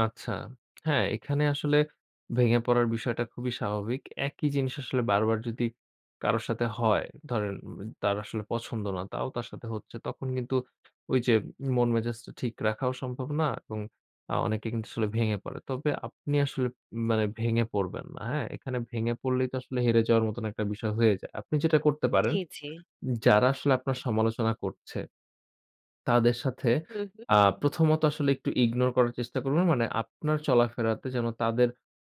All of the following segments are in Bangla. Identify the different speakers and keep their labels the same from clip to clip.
Speaker 1: আচ্ছা। হ্যা, এখানে আসলে ভেঙে পড়ার বিষয়টা খুবই স্বাভাবিক। একই জিনিস আসলে বারবার যদি কারো সাথে হয় ধরেন উ তার আসলে পছন্দ না, তাও তার সাথে হচ্ছে। তখন কিন্তু ঐ যে মন মেজাজটা ঠিক রাখাও সম্ভব না এবং আ অনেকে কিন্তু আসলে ভেঙে পড়ে। তবে আপনি আসলে মানে ভেঙে পড়বেন না। হ্যা, এখানে ভেঙে পড়লেই তো আসলে হেরে যাওয়ার মতো একটা বিষয় হয়ে যায়। আপনি যেটা করতে পারেন,
Speaker 2: জি, জি।
Speaker 1: যারা আসলে আপনার সমালোচনা করছে, তাদের সাথে
Speaker 2: হু, হু।
Speaker 1: আ প্রথমত আসলে একটু ইগনোর করার চেষ্টা করবেন। মানে আপনার চলাফেরাতে যেন তাদের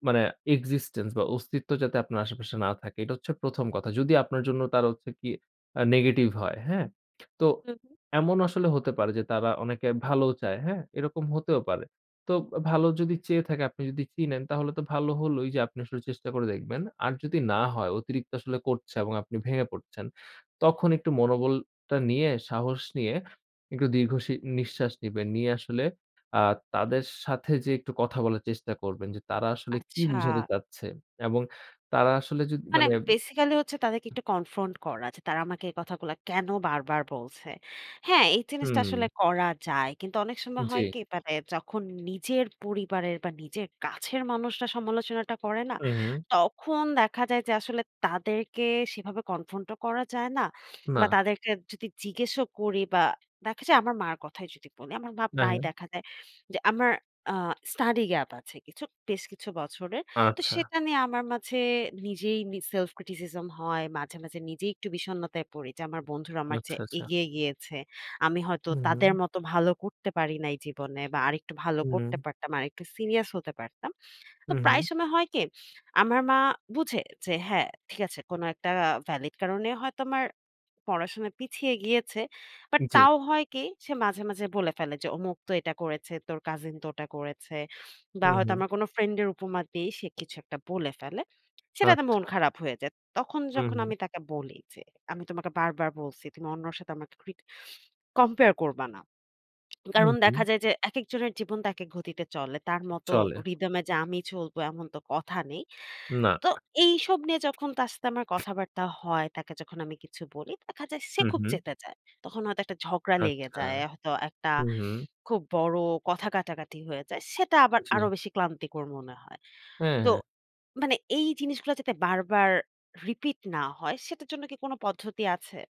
Speaker 1: মানে এক্সিস্টেন্স বা অস্তিত্ব যাতে আপনার আশেপাশে না থাকে। এটা হচ্ছে ১ম কথা। যদি আপনার জন্য তারা হচ্ছে কি আ নেগেটিভ হয়, হ্যা? তো
Speaker 2: হু, হু।
Speaker 1: এমন আসলে হতে পারে যে তারা অনেকে ভালোও চায়। হ্যা, এরকম হতেও পারে। তো ভালো যদি চেয়ে থাকে আপনি যদি চিনেন তাহলে তো ভালো হলোই যে আপনি আসলে চেষ্টা করে দেখবেন। আর যদি না হয় অতিরিক্ত আসলে করছে এবং আপনি ভেঙে পড়ছেন। তখন একটু মনোবলটা নিয়ে সাহস নিয়ে একটু দীর্ঘ সি নিঃশ্বাস নিবেন। নিয়ে আসলে আ তাদের সাথে যেয়ে একটু কথা বলার চেষ্টা করবেন যে তারা আসলে কি
Speaker 2: আচ্ছা।
Speaker 1: বুঝাতে চাচ্ছে এবং তারা আসলে যদ
Speaker 2: মানে
Speaker 1: মানে
Speaker 2: বেসিক্যালি হচ্ছে তাদেরকে একটু কনফ্রন্ট করা আছে। তারা আমাকে এই কথাগুলো কেন বারবার বলছে। হ্যা, এই জিনিসটা
Speaker 1: হুম।
Speaker 2: আসলে করা যায়। কিন্তু অনেক সময় হয়
Speaker 1: জি।
Speaker 2: কি তারা যখন নিজের পরিবারের বা নিজের কাছের মানুষরা সমালোচনাটা করে না
Speaker 1: হুম, হুম।
Speaker 2: তখন দেখা যায় যে আসলে তাদেরকে সেভাবে কনফ্রন্ট ও করা যায় না। বা
Speaker 1: না।
Speaker 2: তাদেরকে যদি জিজ্ঞাসা করি বা দেখা যায় আমার মার কথাই যদি বলি আমার মা
Speaker 1: না,
Speaker 2: প্রায়
Speaker 1: হ্যা।
Speaker 2: দেখা যায়। যে আমার আ স্টাডি গ্যাপ আছে বেশ কিছু বছরের। তো
Speaker 1: আচ্ছা।
Speaker 2: সেটা নিয়ে আমার মাঝে নিজেই miss self-criticism হয়, মাঝে, মাঝে, নিজেই একটু বিষণ্ণতায় পড়ি যে আমার বন্ধুরা আমার
Speaker 1: আচ্ছা,
Speaker 2: চেয়ে
Speaker 1: আচ্ছা।
Speaker 2: এগিয়ে গিয়েছে। আমি হয়তো
Speaker 1: হুম, হুম।
Speaker 2: তাদের মতো ভালো করতে পারিনাই জীবনে বা আরেকটু ভালো করতে
Speaker 1: হুম।
Speaker 2: পারতাম, আরেকটু সিরিয়াস হতে পারতাম। তো
Speaker 1: হুম, হুম।
Speaker 2: প্রায় সময় হয় কি আমার মা বুঝে যে হ্যা ঠিক আছে কোন একটা ভ্যালিড কারণে হয়তো আমার পড়াশোনা পিছিয়ে গিয়েছে। বাট
Speaker 1: জি।
Speaker 2: তাও হয় কি সে মাঝে, মাঝে, বলে ফেলে যে "অমুক তো এটা করেছে, তোর কাজিন তো ওটা করেছে" বা
Speaker 1: হুম,
Speaker 2: হয়তো
Speaker 1: হুম।
Speaker 2: আমার কোন ফ্রেন্ডের উপমা দিয়ে সে কিছু একটা বলে ফেলে। সেটা তে মন
Speaker 1: আচ্ছা।
Speaker 2: খারাপ হয়ে যায়। তখন
Speaker 1: হুম,
Speaker 2: যখন
Speaker 1: হুম।
Speaker 2: আমি তাকে বলি যে আমি তোমাকে বারবার বলছি তুমি অন্যর সাথে আমাকে ক্রিট কম্পেয়ার করবা না।
Speaker 1: হু,
Speaker 2: কারণ
Speaker 1: হু।
Speaker 2: দেখা যায় যে একেক জনের জীবন তো একেক গতিতে চলে। তার মতো
Speaker 1: চলে।
Speaker 2: রিথম এ যে আমি চলবো এমন তো কথা নেই।
Speaker 1: না।
Speaker 2: তো এইসব নিয়ে যখন তার সাথে আমার কথাবার্তা হয় তাকে যখন আমি কিছু বলি দেখা যায় সে
Speaker 1: হুম,
Speaker 2: খুব
Speaker 1: হুম।
Speaker 2: চেতে যায়। তখন হয়তো একটা ঝগড়া লেগে
Speaker 1: আচ্ছা,
Speaker 2: যায়। হয়তো একটা
Speaker 1: হু, হুম।
Speaker 2: খুব বড় কথা কাটাকাটি হয়ে যায়। সেটা আবার আরো
Speaker 1: [unintelligible]
Speaker 2: বেশি ক্লান্তিকর মনে হয়।
Speaker 1: হ্যা,
Speaker 2: তো
Speaker 1: হ্যা।
Speaker 2: মানে এই জিনিসগুলো যাতে বারবার রিপিট না হয় সেটার জন্য কি কোন পদ্ধতি আছে?